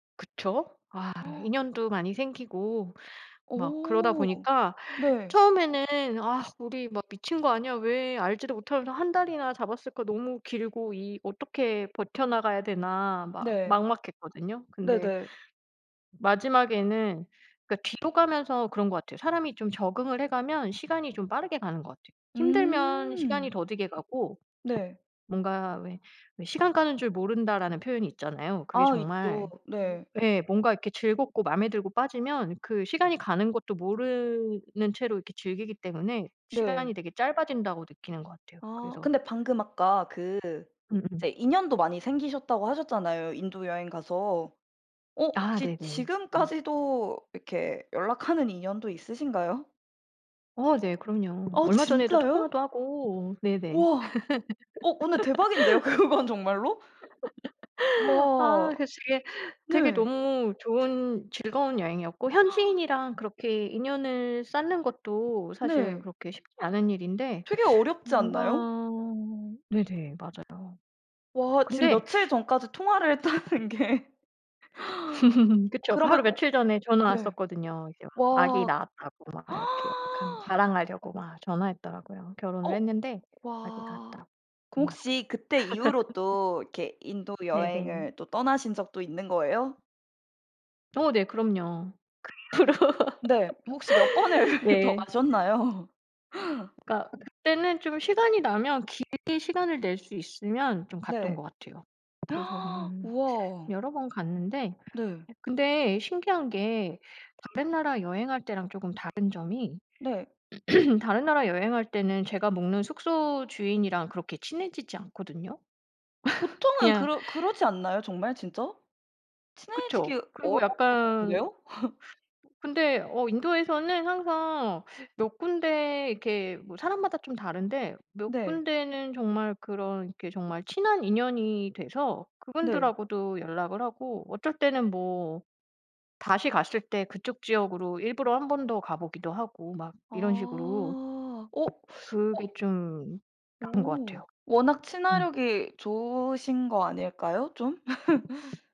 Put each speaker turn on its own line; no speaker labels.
그쵸? 아 인연도 많이 생기고 막 그러다
어.
보니까
네.
처음에는 '아 우리 막 미친 거 아니야? 왜 알지도 못하면서 1 달이나 잡았을까. 너무 길고 이 어떻게 버텨 나가야 되나.' 막
네.
막막했거든요. 근데
네네.
마지막에는 그러니까 뒤로 가면서 그런 것 같아요. 사람이 좀 적응을 해가면 시간이 좀 빠르게 가는 것 같아요. 힘들면 시간이
음.
더디게 가고
네.
뭔가 왜 왜 "시간 가는 줄 모른다."라는 표현이 있잖아요. 그게
아 있죠.
정말
네.
예. 뭔가 이렇게 즐겁고 맘에 들고 빠지면 그 시간이 가는 것도 모르는 채로 이렇게 즐기기 때문에
네.
시간이 되게 짧아진다고 느끼는 것 같아요.
아
그래서.
근데 방금 아까 그 이제
음음.
인연도 많이 생기셨다고 하셨잖아요, 인도 여행 가서. 어
아
혹시
네네. 네.
지금까지도 이렇게 연락하는 인연도 있으신가요?
어 네. 그럼요.
어
얼마 전에도
진짜요?
통화도 하고 네네.
우와 어 어 네. 대박인데요. 그건 정말로?
아
우와
그래서 되게 되게
네.
너무 좋은 즐거운 여행이었고 현지인이랑 그렇게 인연을 쌓는 것도 사실
네.
그렇게 쉽지 않은 일인데
되게 어렵지
뭔가
않나요?
네네. 맞아요. [unintelligible]
와 지금
근데
며칠 전까지 통화를 했다는 게.
그쵸.
그러면
바로
어
며칠 전에 전화
네.
왔었거든요. 이제 아기
와.
낳았다고 막 이렇게 연락하면 자랑하려고 막 전화했더라고요. 결혼을
어
했는데 아기
와
낳았다고
그럼
전화
혹시
왔더라고요.
그때 이후로 또 이렇게 인도
네네.
여행을 또 떠나신 적도 있는 거예요?
어 네. 그럼요. 그 이후로
네. 혹시 몇 번을 더
네.
가셨나요?
그니까 그때는 좀 시간이 나면 길게 시간을 낼 수 있으면 좀 갔던
네.
것 같아요. 그래서 한
우와.
여러 번 갔는데
네.
이 근데 신기한 게 다른 나라 여행할 때랑 조금 다른 점이
네.
다른 나라 여행할 때는 제가 묵는 숙소 주인이랑 그렇게 친해지지 않거든요.
보통은
그냥
그러 그러지 않나요? 정말 진짜. 친해지기
그쵸. 그리고
어려울 것
약간
같은데요.
근데 어 인도에서는 항상 몇 군데 이렇게 뭐 사람마다 좀 다른데 몇
네.
군데는 정말 그런 이렇게 정말 친한 인연이 돼서
네.
그분들하고도 연락을 하고 어쩔 때는 뭐 다시 갔을 때 그쪽 지역으로 일부러 한 번 더 가보기도 하고 막
아
이런 식으로
어
그게
어.
좀 다른 것
오
같아요.
워낙
음.
친화력이 좋으신 거 아닐까요? 좀?